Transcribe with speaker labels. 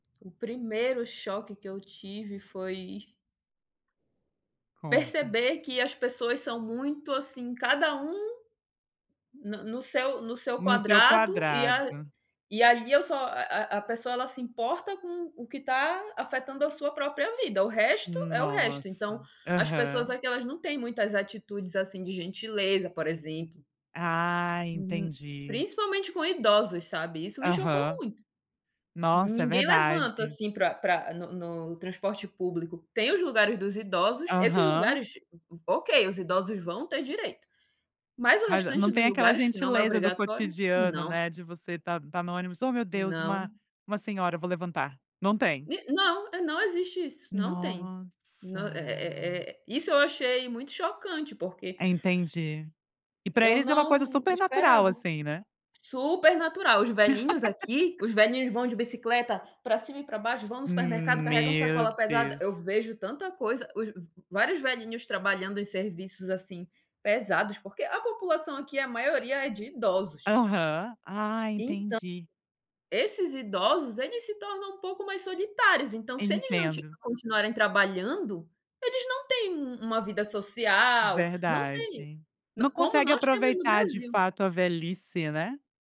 Speaker 1: O primeiro choque que eu tive, foi
Speaker 2: Conta.
Speaker 1: perceber que as pessoas são muito, assim, cada um na no seu no seu
Speaker 2: No seu
Speaker 1: quadrado, e a
Speaker 2: quadrado.
Speaker 1: e ali eu só a a a pessoa, ela se importa com o que está afetando a sua própria vida, o resto, é o resto. Então,
Speaker 2: Nossa.
Speaker 1: as pessoas
Speaker 2: Aham.
Speaker 1: aqui, elas não têm muitas atitudes, assim, de gentileza, por exemplo.
Speaker 2: Ah,
Speaker 1: Hum.
Speaker 2: entendi.
Speaker 1: Principalmente com idosos, sabe, isso me chocou
Speaker 2: Aham.
Speaker 1: muito.
Speaker 2: Nossa, é
Speaker 1: Ninguém levanta,
Speaker 2: verdade.
Speaker 1: assim, pra pra no no transporte público. Tem os lugares dos idosos, esses
Speaker 2: Aham.
Speaker 1: lugares, ok, os idosos vão ter direito. Mas o
Speaker 2: Mas, eh, não
Speaker 1: restante
Speaker 2: tem
Speaker 1: dos
Speaker 2: aquela
Speaker 1: lugares, que não é
Speaker 2: gentileza do
Speaker 1: obrigatório,
Speaker 2: cotidiano,
Speaker 1: não.
Speaker 2: né, de você tá tá no ônibus, "Ô meu Deus, uma
Speaker 1: Não.
Speaker 2: uma senhora, eu vou levantar", não tem.
Speaker 1: E não eh, não existe isso, não tem.
Speaker 2: Nossa.
Speaker 1: Não, eh eh eh, isso eu achei muito chocante, porque
Speaker 2: Entendi. E pra
Speaker 1: eu
Speaker 2: eles é uma coisa
Speaker 1: não
Speaker 2: super natural,
Speaker 1: esperava.
Speaker 2: assim, né.
Speaker 1: Super natural, os velhinhos aqui, os velhinhos vão de bicicleta pra cima e pra baixo, vão no supermercado, carregam
Speaker 2: Meu
Speaker 1: sacola pesada. Eu
Speaker 2: Deus.
Speaker 1: vejo tanta coisa, os v vários velhinhos trabalhando em serviços, assim, pesados, porque a população aqui, a maioria é de idosos.
Speaker 2: Aham. Ah,
Speaker 1: Então,
Speaker 2: entendi.
Speaker 1: esses idosos, eles se tornam um pouco mais solitários, então se eles não ti
Speaker 2: Entendo.
Speaker 1: continuarem trabalhando, eles não têm um uma vida social, não têm.
Speaker 2: Verdade.
Speaker 1: Não,
Speaker 2: Não
Speaker 1: como
Speaker 2: consegue
Speaker 1: nós temos no
Speaker 2: aproveitar de
Speaker 1: Brasil.
Speaker 2: fato a velhice, né.